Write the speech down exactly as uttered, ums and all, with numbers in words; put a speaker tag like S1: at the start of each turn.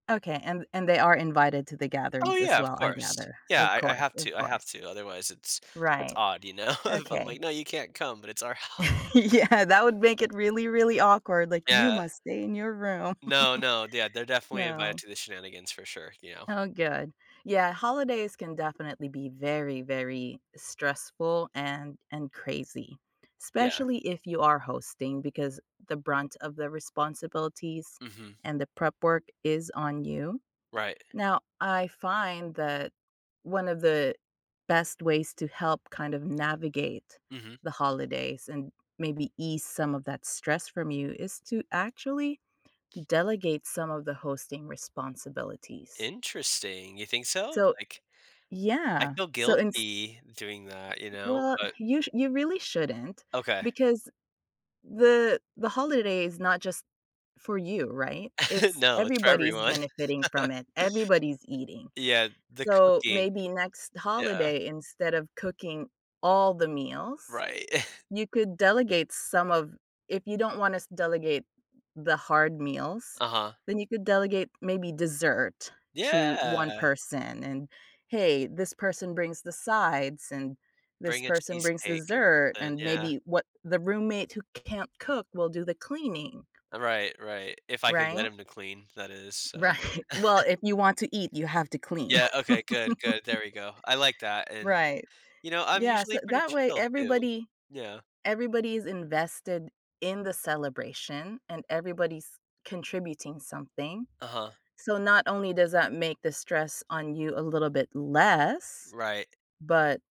S1: Okay, and and they are invited to the
S2: Oh,
S1: gatherings as
S2: yeah, of
S1: well, I
S2: course.
S1: gather.
S2: Yeah,
S1: Of
S2: I I
S1: course,
S2: have
S1: of
S2: to I have
S1: course.
S2: to, otherwise, it's it's
S1: Right.
S2: odd, you know? If I'm
S1: Okay.
S2: like, “No, you can't come,” but it's our house.
S1: Yeah. That would make it really, really awkward. Like,
S2: Yeah.
S1: “You must stay in your room.”
S2: No, no, d yeah, they're definitely invited
S1: No.
S2: to the shenanigans for sure, you know?
S1: Oh good, yeah, holidays can definitely be very, very stressful and and crazy,
S2: Yeah.
S1: especially if you are hosting, because the brunt of the responsibilities
S2: Mhm.
S1: and the prep work is on you,
S2: Right.
S1: now, I find that one of the best ways to help kind of navigate
S2: Mhm.
S1: the holidays and maybe ease some of that stress from you is to actually delegate some of the hosting responsibilities.
S2: Interesting, you think so?
S1: So
S2: Like, I
S1: yeah,
S2: feel
S1: so ins
S2: guilty doing that, you know,
S1: Well,
S2: but
S1: you sh you really shouldn't
S2: Okay.
S1: because the the holiday is not just for you, right? It's
S2: No, it's for
S1: everybody's
S2: everyone.
S1: benefiting from it, everybody's eating.
S2: Yeah, the
S1: So,
S2: cooking.
S1: maybe next
S2: Yeah.
S1: holiday, instead of cooking all the meals,
S2: Right.
S1: you could delegate some of if you don't want us delegate the hard meals,
S2: Uh-huh.
S1: then you could delegate maybe dessert to one
S2: Yeah.
S1: person, and, hey, this person brings the sides, and this
S2: Bring a
S1: person brings
S2: cheesecake or
S1: dessert,
S2: something,
S1: and
S2: yeah.
S1: maybe what the roommate who can't cook will do the cleaning.
S2: Right, right, if I could get
S1: Right?
S2: him to clean, that is. So
S1: Right. Well, if you want to eat, you have to clean.
S2: Yeah, okay, good, good, there we go. I like that, and,
S1: Right.
S2: you know, I'm
S1: Yeah, so
S2: usually pretty
S1: that way,
S2: chill too.
S1: everybody
S2: Yeah.
S1: everybody is invested in the celebration and everybody's contributing something,
S2: Uh-huh.
S1: so not only does that make the stress on you a little bit less,
S2: Right.
S1: but